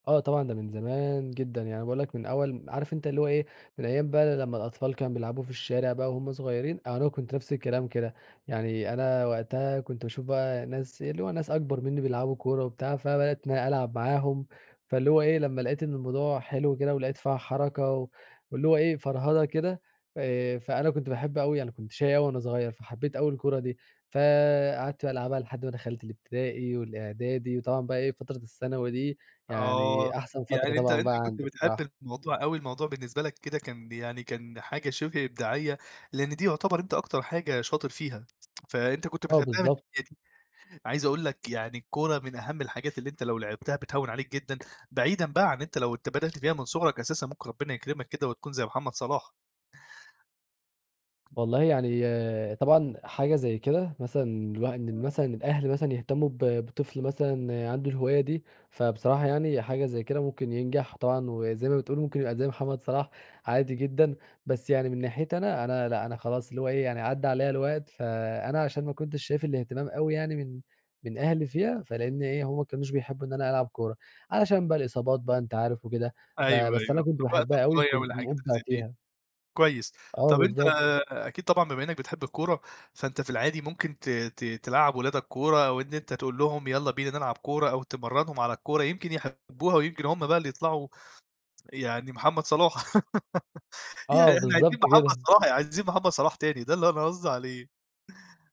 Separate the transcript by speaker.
Speaker 1: آه طبعًا ده من زمان جدًا. يعني باقول لك من أول م عارف أنت اللي هو إيه، من أيام بقى لمّا الأطفال كان بيلعبوا في الشارع بقى وهمّ صغيرين، أنا كنت نَفْس الكلام كده. يعني أنا وقتها كنت باشوف بقى ناس، اللي هو ناس أكبر منّي بيلعبوا كورة وبتاع، فبدأت إن أنا ألعب معاهم. فاللي هو إيه لمّا لاقيت إن الموضوع حلو كده، ولاقيت فيها حركة و واللي هو إيه فرهدة كده آآ، فأنا كنت باحب أوي أنا كنت شَقي أوي وأنا صغيّر، فحبيت أوي الكورة دي. فقعدت بقى ألعبها لحد ما دخلت الإبتدائي والإعدادي، وطبعًا بقى إيه فترة الثانوي دي
Speaker 2: آه،
Speaker 1: يعني أحسن فترة
Speaker 2: يعني أنت
Speaker 1: طبعًا
Speaker 2: أنت
Speaker 1: بقى
Speaker 2: كنت
Speaker 1: عندي بصراحة.
Speaker 2: بتحب الموضوع أوي. الموضوع بالنسبة لك كده كان ب يعني كان حاجة شِبه إبداعيّة. لأن دي يُعتبر أنت أكتر حاجة شاطر فيها. فأنت كنت
Speaker 1: آه،
Speaker 2: بتحبها من
Speaker 1: بالضبط.
Speaker 2: [unintelligible] دي. عايز أقول لك يعني الكورة من أهم الحاجات اللي أنت لو لعبتها بتهوّن عليك جدًا. بعيدًا بقى عن أنت لو أنت بدأت فيها من صُغرك أساسًا ممكن ربنا يكرمك كده وتكون زي محمد صلاح.
Speaker 1: والله يعني طبعًا حاجة زي كده مثلًا الواح إن مثلًا الأهل مثلًا يهتموا ب بطفل مثلًا عنده الهواية دي، فبصراحة يعني حاجة زي كده ممكن ينجح طبعًا، وزي ما بتقول ممكن يبقى زي محمد صلاح عادي جدًا، بس يعني من ناحيتي أنا، أنا لأ، أنا خلاص اللي هو إيه يعني عدّى عليَّ الوقت، فأنا علشان ما كنتش شايف الإهتمام أوي يعني من من أهلي فيها، فلأن إيه، همّ ما كانوش بيحبوا إن أنا ألعب كورة. علشان بقى الإصابات بقى أنت عارف وكده،
Speaker 2: أيوه،
Speaker 1: فبس أنا
Speaker 2: أيوه،
Speaker 1: كنت
Speaker 2: في الوقت
Speaker 1: باحبها أوي
Speaker 2: الضايع
Speaker 1: وكنت
Speaker 2: والحاجات اللي
Speaker 1: مُبدع
Speaker 2: زي دي.
Speaker 1: فيها.
Speaker 2: كويس،
Speaker 1: آه،
Speaker 2: طب أنت
Speaker 1: بالضبط.
Speaker 2: أكيد طبعًا بما إنّك بتحب الكورة، فأنت في العادي ممكن ت ت تلعّب ولادك كورة، أو إن أنت تقول لهم يالّا بينا نلعب كورة أو تمرّنهم على الكورة يمكن يحبوها ويمكن هم بقى اللي يطلعوا يعني محمد صلاح يعني
Speaker 1: آه،
Speaker 2: إحنا عايزين
Speaker 1: بالضبط
Speaker 2: محمد
Speaker 1: كده.
Speaker 2: صلاح، عايزين محمد صلاح تاني، ده اللي أنا قصدي عليه.